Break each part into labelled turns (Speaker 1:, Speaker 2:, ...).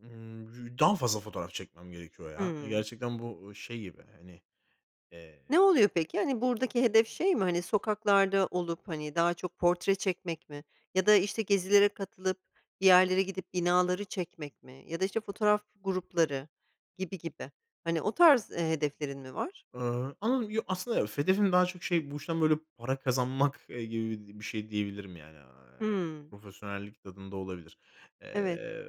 Speaker 1: Imm, daha fazla fotoğraf çekmem gerekiyor, ya.
Speaker 2: Hımm.
Speaker 1: Gerçekten bu şey gibi, hani, eee,
Speaker 2: Ne oluyor
Speaker 1: e
Speaker 2: peki? Hani, buradaki hedef şey mi? Hani, sokaklarda olup, hani, daha çok portre çekmek mi? Ya da, işte, gezilere katılıp, bir yerlere gidip, binaları çekmek mi ya da, işte, fotoğraf grupları gibi gibi, hani, o tarz, eee, hedeflerin mi var?
Speaker 1: Iıı. [unintelligible] Aslında yok, hedefim daha çok şey, bu işten böyle para kazanmak, eee, gibi bir şey diyebilirim, yani. Aaa,
Speaker 2: Hımm.
Speaker 1: profesyonellik tadında olabilir.
Speaker 2: Evet.
Speaker 1: Eee,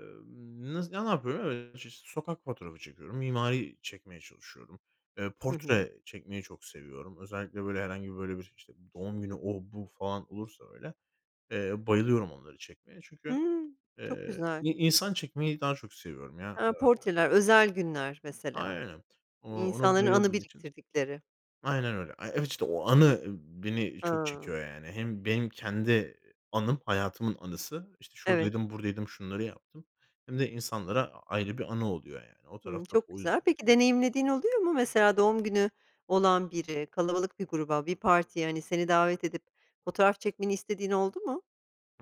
Speaker 1: nas ne yapıyorum? [unintelligible] Sokak fotoğrafı çekiyorum. Mimari çekmeye çalışıyorum. Eee,
Speaker 2: Hı hı.
Speaker 1: portre çekmeyi çok seviyorum. Özellikle, böyle, herhangi, böyle, bir, işte, doğum günü, o bu falan olursa öyle, eee, bayılıyorum onları çekmeye. Çünkü,
Speaker 2: Hımm, çok
Speaker 1: eee,
Speaker 2: güzel.
Speaker 1: i insan çekmeyi daha çok seviyorum ya,
Speaker 2: He,
Speaker 1: ııı
Speaker 2: portreler, özel günler, mesela,
Speaker 1: Aynen. O ona
Speaker 2: insanların anı
Speaker 1: bayıldığım için.
Speaker 2: biriktirdikleri.
Speaker 1: Aynen öyle. Evet işte o anı, ımm, beni çok
Speaker 2: A!
Speaker 1: çekiyor, yani. Hem benim kendi, eee, anım hayatımın anısı. İşte
Speaker 2: Evet.
Speaker 1: şuradaydım, buradaydım, şunları yaptım. Hem de insanlara ayrı bir anı oluyor, yani. O
Speaker 2: Hımm,
Speaker 1: tarafta o,
Speaker 2: çok güzel.
Speaker 1: [unintelligible]
Speaker 2: Peki,
Speaker 1: ve
Speaker 2: deneyimlediğin oluyor mu? Mesela, doğum günü olan biri, kalabalık bir gruba, bir partiye, hani, seni davet edip fotoğraf çekmeni istediğin oldu mu?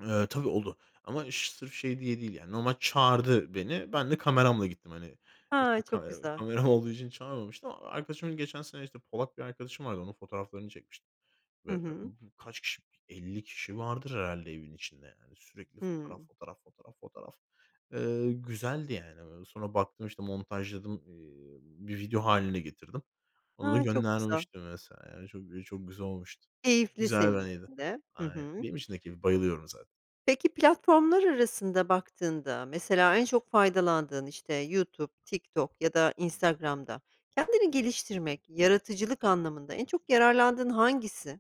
Speaker 1: Eee, tabii oldu ama ş sırf şey diye değil yani normal çağırdı beni. Ben de kameramla gittim, hani,
Speaker 2: Ha,
Speaker 1: eski
Speaker 2: çok
Speaker 1: kamera
Speaker 2: güzel.
Speaker 1: kameram olduğu için çağırmamıştı ama arkadaşımın geçen sene işte, Polak bir arkadaşım vardı. Onun fotoğraflarını çekmiştim
Speaker 2: Hı
Speaker 1: ve b
Speaker 2: hı.
Speaker 1: b kaç kişi, 50 kişi vardır herhâlde evin içinde, yani. Sürekli fotoğraf,
Speaker 2: Hımm.
Speaker 1: fotoğraf, fotoğraf, fotoğraf. Eee, güzeldi yani. Sonra baktım işte, montajladım. Eee, bir video hâline getirdim. Onu da
Speaker 2: A, çok güzel!
Speaker 1: göndermiştim vs. yani. Çok gü çok güzel olmuştu.
Speaker 2: Keyifli
Speaker 1: Güzel bir
Speaker 2: senin
Speaker 1: anıydı.
Speaker 2: için de. Hı
Speaker 1: Aynen.
Speaker 2: hı.
Speaker 1: Benim için de keyifli, bayılıyorum zaten.
Speaker 2: Peki, platformlar arasında baktığında, mesela, en çok faydalandığın işte YouTube, TikTok ya da Instagram'da kendini geliştirmek yaratıcılık anlamında en çok yararlandığın hangisi?